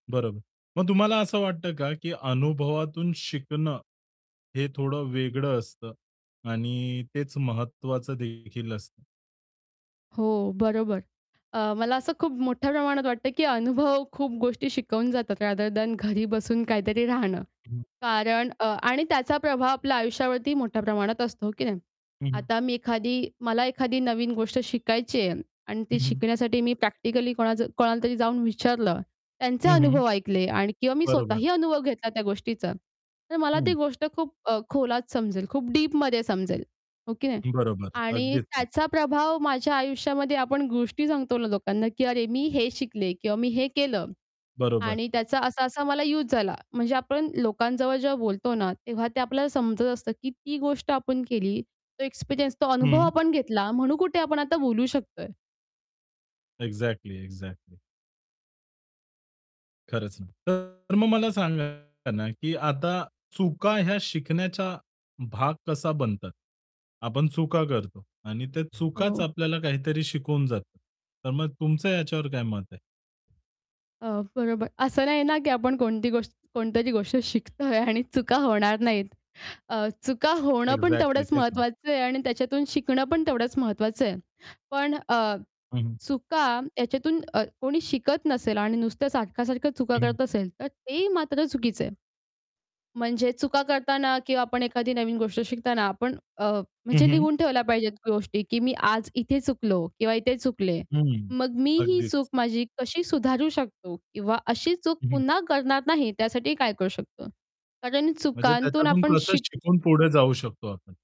बरोबर. मग तुम्हाला असं वाटतं का की अनुभवातून शिकणं हे थोडं वेगळं असतं आणि तेच महत्वाचं देखील असतं? हो बरोबर. अ, मला असं खूप मोठ्या प्रमाणात वाटतं की अनुभव खूप गोष्टी शिकवून जातात रादर दॅन घरी बसून काहीतरी राहणं. हं. कारण अ, आणि त्याचा प्रभाव आपल्या आयुष्यावरती मोठ्या प्रमाणात असतो, हो की नाही? हं, हं. आता मी एखादी मला एखादी नवीन गोष्ट शिकायची आहे आणि ती हं, हं. शिकण्यासाठी मी प्रॅक्टिकली कोणाचं कोणालातरी जाऊन विचारलं, त्यांचे हं, हं. अनुभव ऐकले आणि किंवा मी बरोबर. स्वतःही अनुभव घेतला त्या गोष्टीचा, तर मला ती हं. गोष्ट खूप अ, खोलात समजेल, खूप डीपमध्ये समजेल, हो की नाही? बरोबर आणि अगदीच. त्याचा प्रभाव माझ्या आयुष्यामध्ये आपण गोष्टी सांगतो ना लोकांना की अरे, मी हे शिकले किंवा मी हे केलं बरोबर. आणि त्याचा असा-असा मला युज झाला. म्हणजे आपण लोकांजवळ जेव्हा बोलतो ना, तेव्हा ते आपल्याला समजत असतं की ती गोष्ट आपण केली, तो एक्सपिरियन्स, तो अनुभव हं. आपण घेतला, म्हणून कुठे आपण आता बोलू शकतोय. Exactly, exactly. खरंच नाही. तर मग मला सांगा ना की आता चुका या शिकण्याचा भाग कसा बनतात. आपण चुका करतो आणि त्या चुकाच हो. आपल्याला काहीतरी शिकवून जातात तर मग तुमचं याच्यावर काय मत आहे? अ, बरोबर असं नाही ना की आपण कोणती गोष्ट कोणतरी गोष्ट शिकतोय आणि चुका होणार नाहीत अ, चुका होणं पण एक्झॅक्टली तेवढंच तेच ना. महत्त्वाचं आहे आणि त्याच्यातून शिकणं पण तेवढंच महत्त्वाचं आहे. पण अ, हं, हं. चुका याच्यातून अ, कोणी शिकत नसेल आणि नुसत्या सारख्या-सारख्या चुका हं, हं. करत असेल, तर ते मात्र चुकीचं आहे. म्हणजे चुका करताना किंवा आपण एखादी नवीन गोष्ट शिकताना आपण अ, हं, म्हणजे हं. लिहून ठेवल्या पाहिजेत गोष्टी, की मी आज इथे चुकलो किंवा इथे चुकले. हं, मग मी ही अगदीच. चूक माझी कशी सुधारू शकतो किंवा अशी चूक हं, हं. पुन्हा करणार नाही त्यासाठी काय करू शकतो? कारण म्हणजे चुकांतून त्याच्यातून आपण कसं शिक शिकून पुढे जाऊ शकतो आपण?